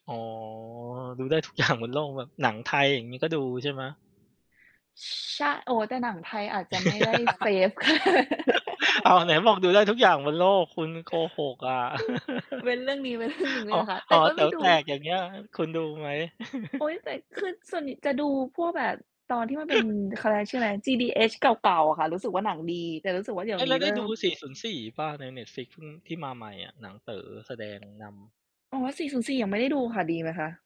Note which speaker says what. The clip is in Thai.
Speaker 1: อ๋อ ดูได้ ทุกอย่าง บนโลกแบบ หนังไทยอย่างงี้ก็ดูใช่ไหม?
Speaker 2: ช ชะ โอ้โฮ แต่หนังไทยอาจจะไม่ได้ fav
Speaker 1: อ้าว ไหนบอกดูได้ทุกอย่างบนโลก คุณโกหกอะ
Speaker 2: เว้นเรื่องนี้เว้นเรื่อง หนึ่ง ได
Speaker 1: ห
Speaker 2: ้
Speaker 1: อ
Speaker 2: ไหมคะ แต
Speaker 1: ห
Speaker 2: ่
Speaker 1: อ
Speaker 2: ก็
Speaker 1: แ
Speaker 2: ไ
Speaker 1: ต
Speaker 2: ม
Speaker 1: ๋
Speaker 2: ่
Speaker 1: ว
Speaker 2: ดู
Speaker 1: แตก อย่างเงี้ย คุณดูไหม?
Speaker 2: โอ๊ย แต่คือส่วนใหญ่จะดูพวกแบบ ตอนที่มันเป็น เขาเรียกชื่ออะไรนะ GDH เก่า ๆ อะค่ะ รู้สึกว่าหนังดี แต่รู้สึกว่าเดี๋
Speaker 1: เ
Speaker 2: ย
Speaker 1: ฮ
Speaker 2: ว
Speaker 1: ้ย
Speaker 2: น
Speaker 1: แ
Speaker 2: ี
Speaker 1: ล
Speaker 2: ้
Speaker 1: ้ว
Speaker 2: เ
Speaker 1: ไ
Speaker 2: ร
Speaker 1: ด
Speaker 2: ิ
Speaker 1: ้
Speaker 2: ่
Speaker 1: ดู
Speaker 2: ม
Speaker 1: 404 เปล่า? ใน Netflix ที่มาใหม่อะ หนังเต๋อแสดงนำ
Speaker 2: อ๋อ 404 ยังไม่ได้ดูค่ะ ดีไหมคะ?